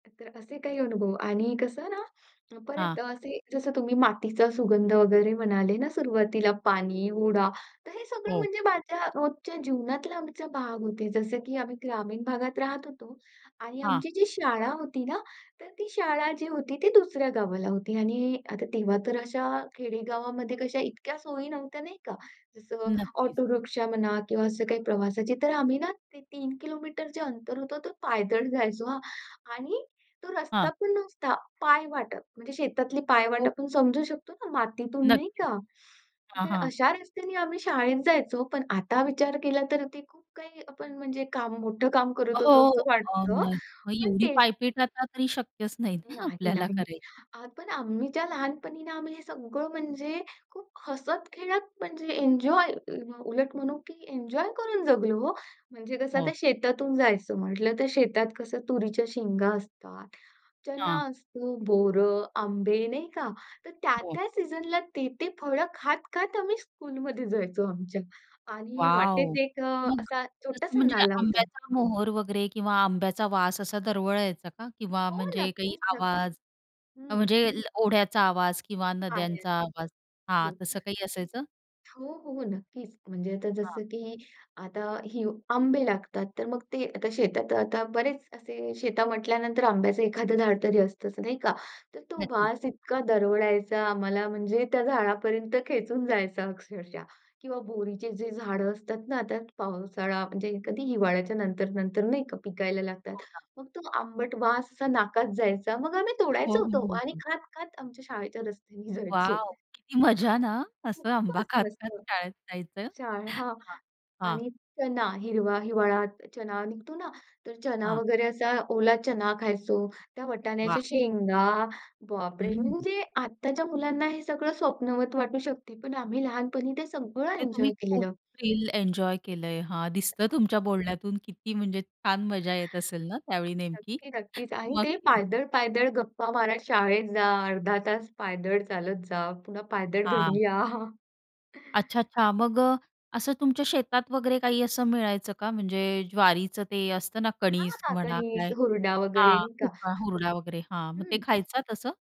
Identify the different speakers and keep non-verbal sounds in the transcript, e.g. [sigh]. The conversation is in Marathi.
Speaker 1: तर असे काही अनुभव आणि कसं ना, अ, परत
Speaker 2: हां.
Speaker 1: असे जसं तुम्ही मातीचा सुगंध वगैरे म्हणाले ना सुरवातीला पाणी, हुरडा. तर हे सगळं
Speaker 2: हो.
Speaker 1: म्हणजे माझ्या रोजच्या जीवनातला आमचा भाग होते, जसं की आम्ही ग्रामीण भागात राहत होतो आणि
Speaker 2: हां.
Speaker 1: आमची जी शाळा होती ना, तर ती शाळा जी होती ती दुसऱ्या गावाला होती आणि आता तेव्हा तर अशा खेडेगावामध्ये कशा इतक्या सोयी नव्हत्या नाही का, जसं
Speaker 2: नक्कीच.
Speaker 1: ऑटो रिक्षा म्हणा किंवा असं काही प्रवासाची. तर आम्ही ना ते 3 किलोमीटरचे अंतर होत तो पायदळ जायचो हा, आणि तो रस्ता
Speaker 2: हां.
Speaker 1: पण नुसता पायवाटप म्हणजे शेतातली
Speaker 2: हो.
Speaker 1: पायवाटप समजू शकतो ना, मातीतून नाही
Speaker 2: नक्कीच.
Speaker 1: का?
Speaker 2: हां,
Speaker 1: तर
Speaker 2: हां.
Speaker 1: अशा रस्त्याने आम्ही शाळेत जायचो. पण आता विचार केला तर ते खूप काही आपण म्हणजे काम, मोठं काम
Speaker 2: अ,
Speaker 1: करत होतो
Speaker 2: हो.
Speaker 1: असं
Speaker 2: अ,
Speaker 1: वाटत
Speaker 2: न मग
Speaker 1: पण
Speaker 2: एवढी
Speaker 1: ते
Speaker 2: पायपीट आता तरी शक्यच नाही ना
Speaker 1: नाही
Speaker 2: आपल्याला
Speaker 1: नाही.
Speaker 2: कराय
Speaker 1: पण आम्हीच्या लहानपणी आम्ही हे सगळं म्हणजे खूप हसत-खेळत म्हणजे एन्जॉय, अ, उलट म्हणू की एन्जॉय करून जगलो हो. म्हणजे कसं आता
Speaker 2: हो.
Speaker 1: शेतातून जायचं म्हंटल तर, शेतात कसं तुरीच्या शेंगा असतात, चना
Speaker 2: हां.
Speaker 1: असतो, बोर, आंबे नाही का? तर
Speaker 2: हो.
Speaker 1: त्या-त्या सीझनला, ते-ते फळ खात-खात आम्ही स्कूलमध्ये जायचो. आमच्या आणि
Speaker 2: वॉव!
Speaker 1: वाटेत एक अ,
Speaker 2: मग
Speaker 1: असा
Speaker 2: तसं
Speaker 1: छोटासा
Speaker 2: म्हणजे
Speaker 1: नाला होता.
Speaker 2: आंब्याचा मोहोर वगैरे किंवा आंब्याचा वास असा दरवळायचा का किंवा
Speaker 1: हो,
Speaker 2: म्हणजे काही
Speaker 1: नक्कीच-नक्कीच
Speaker 2: आवाज
Speaker 1: हं.
Speaker 2: म्हणजे अ, ओढ्याचा आवाज किंवा
Speaker 1: आहे.
Speaker 2: नद्यांचा आवाज
Speaker 1: हो.
Speaker 2: हां तसं काही असायचं?
Speaker 1: हो, हो नक्कीच म्हणजे आता
Speaker 2: हां.
Speaker 1: जसं की आता ही आंबे लागतात तर मग ते आता शेतात आता बरेच असे, शेता म्हटल्यानंतर आंब्याचं एखाद झाड तरी असतं नाही का? तर तो
Speaker 2: नक्कीच.
Speaker 1: वास इतका दरवळायचा, आम्हाला म्हणजे त्या झाडापर्यंत खेचून जायचा अक्षरशः किंवा बोरीचे जे झाड असतात ना आता पावसाळा म्हणजे एखादी हिवाळ्याच्या नंतर-नंतर नाही का पिकायला लागतात,
Speaker 2: हो ना.
Speaker 1: मग तो आंबट वास असा नाकात जायचा. मग आम्ही
Speaker 2: हो,
Speaker 1: तोडायचं
Speaker 2: हो,
Speaker 1: तो
Speaker 2: हो,
Speaker 1: आणि
Speaker 2: हो.
Speaker 1: खात-खात आमच्या शाळेच्या रस्त्याने जायचो.
Speaker 2: वॉव! किती मजा ना! असं आंबा
Speaker 1: खूपच
Speaker 2: खात-खात
Speaker 1: मस्त.
Speaker 2: शाळेत जायचं.
Speaker 1: शाळ हां,
Speaker 2: हां, हां.
Speaker 1: आणि चना हिरवा, हिवाळ्यात चना निघतो ना, तर चना
Speaker 2: हां.
Speaker 1: वगैरे असा ओला चना खायचो. त्या
Speaker 2: वाह!
Speaker 1: वटाण्याच्या शेंगा बाप रे!
Speaker 2: हं.
Speaker 1: म्हणजे आत्ताच्या मुलांना हे सगळं स्वप्नवत वाटू शकते पण आम्ही लहानपणी ते सगळं
Speaker 2: ते तुम्ही
Speaker 1: एन्जॉय
Speaker 2: खूप
Speaker 1: केलेलं.
Speaker 2: थ्रिल एन्जॉय केलंय. हां दिसतं
Speaker 1: नक्की.
Speaker 2: तुमच्या बोलण्यातून, किती म्हणजे छान मजा येत असेल ना त्यावेळी नेमकी?
Speaker 1: नक्की नक्कीच. आणि ते
Speaker 2: नक्की.
Speaker 1: पायदळ-पायदळ गप्पा मारत शाळेत जा. अर्धा तास पायदळ चालत जा, पुन्हा पायदळ
Speaker 2: हां.
Speaker 1: घरी या.
Speaker 2: अच्छा,
Speaker 1: [chuckles]
Speaker 2: अच्छा. मग अ, असं तुमच्या शेतात वगैरे काही असं मिळायचं का म्हणजे ज्वारीचं ते असतं ना
Speaker 1: हां,
Speaker 2: कणिज
Speaker 1: हां.
Speaker 2: म्हणा
Speaker 1: कणीस,
Speaker 2: काय
Speaker 1: हुरडा वगैरे
Speaker 2: हां
Speaker 1: नाही का?
Speaker 2: कुका, हुरडा वगैरे हां मग ते
Speaker 1: हं.
Speaker 2: खायचं तसं?